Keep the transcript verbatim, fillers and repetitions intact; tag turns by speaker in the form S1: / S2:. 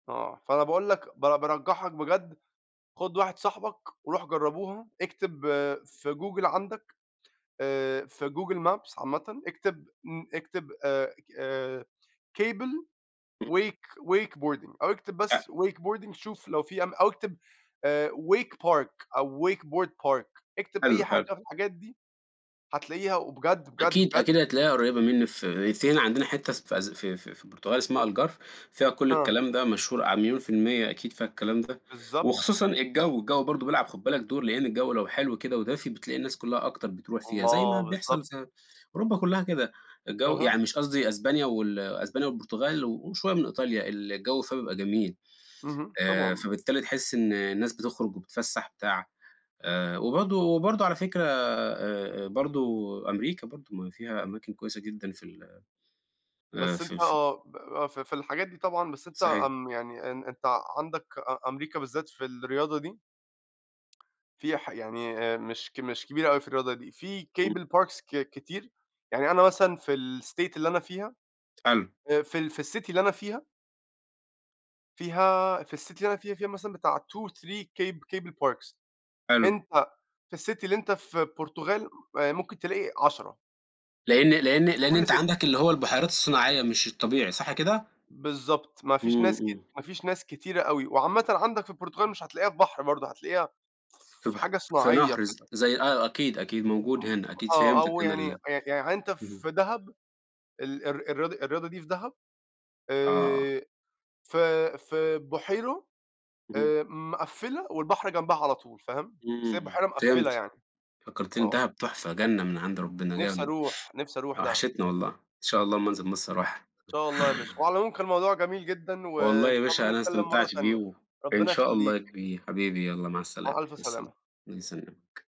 S1: آه. فأنا باقول لك ب بارجّحك بجد خُد واحد صاحبك وروح جرّبوها، اكتب في Google عندَك آآ في Google Maps عامةً اكتب م اكتب آآ اك آآ cable
S2: إمم.
S1: wake wake wakeboarding أو اكتب بس
S2: [unintelligible]
S1: wakeboarding شوف لو في أم أو اكتب آآ wake park أو wakeboard park، اكتب
S2: حلو،
S1: أي حاجة
S2: حلو.
S1: في الحاجات دي، هتلاقيها وبجد، بجد،
S2: أكيد،
S1: بجد
S2: أكيد هتلاقيها قريّبة منّي في [unintelligible] عندنا حتّة اس في أس في في البرتغال اسمها Algarve فيها كل
S1: آه.
S2: الكلام ده مشهور ع مليون في المِيّة أكيد فيها الكلام ده
S1: بالضبط.
S2: وخصوصًا الجَو، الجَو برضه بيلعب خُد بالك دور، لإن الجَو لو حلو كده ودافي، بتلاقي الناس كُلّها أكتر بتروح فيها، زي ما
S1: الله،
S2: بيحصل
S1: بالضبط.
S2: ز أوروبا كُلّها كده. الجَو
S1: أها.
S2: يعني مش قصدي أسبانيا وال أسبانيا والبرتغال وشوية من إيطاليا، الجَو فيها بيبقى جميل.
S1: اهم،
S2: آآ
S1: طبعًا.
S2: فبالتالي تحِس إن الناس بتخرُج وبتتفسّح وبتاع. آآ وبرضه وبرضه على فكرة آآ برضه أمريكا برضه، ما فيها أماكن كويسة جدًا في ال آآ
S1: بس
S2: في
S1: أنت
S2: في
S1: آه، ب ب ف في الحاجات دي طبعًا، بس أنت
S2: صحيح.
S1: آمم يعني أن أنت عندك أ أمريكا بالذات في الرياضة دي فيها ح يعني آآ مش ك مش كبيرة أوي في الرياضة دي، في
S2: إمم.
S1: cable parks ك كتير، يعني أنا مثلًا في الstate اللي أنا فيها،
S2: حلو.
S1: آآ في ال في الcity اللي أنا فيها فيها في الcity اللي أنا فيها، فيها مثلًا بتاع two، three cab cable parks
S2: حلو.
S1: أنت في الcity اللي أنت في برتغال، آآ ممكن تلاقي عشرة.
S2: لإن لإن لإن
S1: كل
S2: أنت
S1: city.
S2: عندك اللي هو البُحيرات الصناعية مش الطبيعي صح كده؟
S1: بالضبط، ما فيش
S2: إمم،
S1: ناس ك
S2: إمم.
S1: ما فيش ناس كتيرة أوي وعامةً عندك في البرتغال مش هتلاقيها في بحر برضه، هتلاقيها
S2: في
S1: في
S2: بحر
S1: حاجة
S2: في
S1: صناعية
S2: نهر ز
S1: كده.
S2: زي آه، أكيد، أكيد موجود
S1: م
S2: هنا، أكيد
S1: آه،
S2: فهمتَك
S1: أو
S2: أنا
S1: يعني
S2: ال
S1: يع يعني أنت في
S2: اهم.
S1: دهب، ال الر الرياضة الرياضة دي في دهب،
S2: آه.
S1: آآ في في بُحيرو
S2: اهم.
S1: آآ مقفِّلة والبحر جنبها على طول فاهم، بس هي
S2: إمم،
S1: بحيرة مقفِّلة
S2: فهمت.
S1: يعني.
S2: فكّرتني
S1: آه.
S2: fدهب تُحفة، جنّة من عند ربِّنا
S1: نفسي
S2: جنّة،
S1: أروح، نفسي أروح دهب.
S2: وحشتني والله. إن شاء الله أمّا أنزل مصر أروحها.
S1: إن شاء الله يا باشا. وعلى العموم كان موضوع جميل جدًا
S2: والله
S1: وإن
S2: يا
S1: شاء
S2: باشا
S1: الله
S2: أنا
S1: نتكلّم مرّة
S2: استمتعت بيه
S1: تانية،
S2: و إن
S1: ربِّنا
S2: شاء الله يا
S1: يخلّيك.
S2: كبير، حبيبي يالّا مع
S1: مع
S2: السلامة،
S1: ألف
S2: مع السلامة،
S1: سلامة.
S2: الله يسلمك.